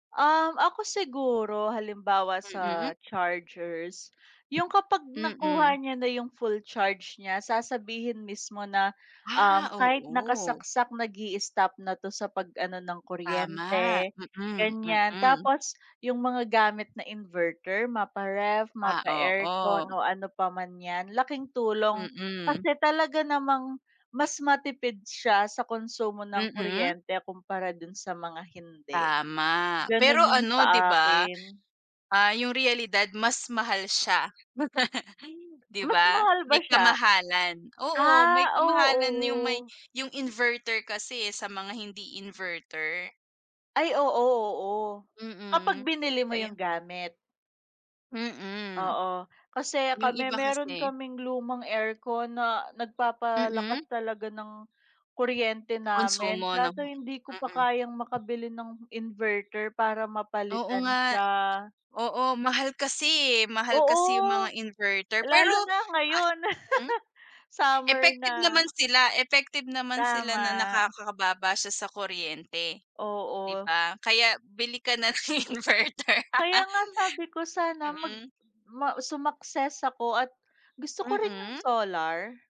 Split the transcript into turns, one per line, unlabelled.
Uhm, ako siguro, halimbawa
Mm?
sa chargers, 'yong kapag
Mm.
nakuha niya na yung full charge niya sasabihin mismo na,
Ah,
uhm, kahit
oo.
nakasaksak nag-i-istop na 'to sa pag ano ng
Tama.
kuryente,
Mm,
ganyan.
mm.
Tapos, 'yong mga gamit na inverter, mapa-ref,
Ah,
mapa-aircon
oo.
o ano pa man 'yan, laking tulong,
Mm.
kasi talaga namang mas matipid siya sa konsumo ng
Mm?
kuryente kumpara do'n sa mga hindi.
Tama. Pero
Gano'n 'yong
ano 'di
sa
ba,
akin.
ah, 'yong realidad, mas mahal siya. Ay 'di
Mas
ba,
mahal ba
may
siya
kamahalan, oo, may
Ah,
kamahalan 'yong may
oo.
'yong inverter kasi, eh, sa mga hindi inverter.
Ay oo, oo. Kapag
Mm.
binili mo
Kaya 'yo
'yong gamit.
Mm.
Oo. Kasi
'Yong
kami
iba
mayro'n
kasi
kaming lumang aircon na
Mm?
nagpapalakas talaga ng, kuryente
Konsumo
namin.
'no
Kaso hindi ko pa
Mm.
kayang makabili ng inverter para
Oo
mapalitan
nga.
siya.
Oo, mahal kasi, eh, mahal kasi 'yong mga
Oo.
inverter. Pero,
Lalo na
ah
ngayon.
hmm?
Summer
Effective
na.
naman sila, effective naman sila na
Tama.
nakakababa siya sa kuryente, 'di
Oo.
ba? Kaya bili ka na ng inverter.
Kaya nga sabi ko sana mag
Mm.
ma sumakses ako at, gusto ko rin 'yong
Mm?
solar.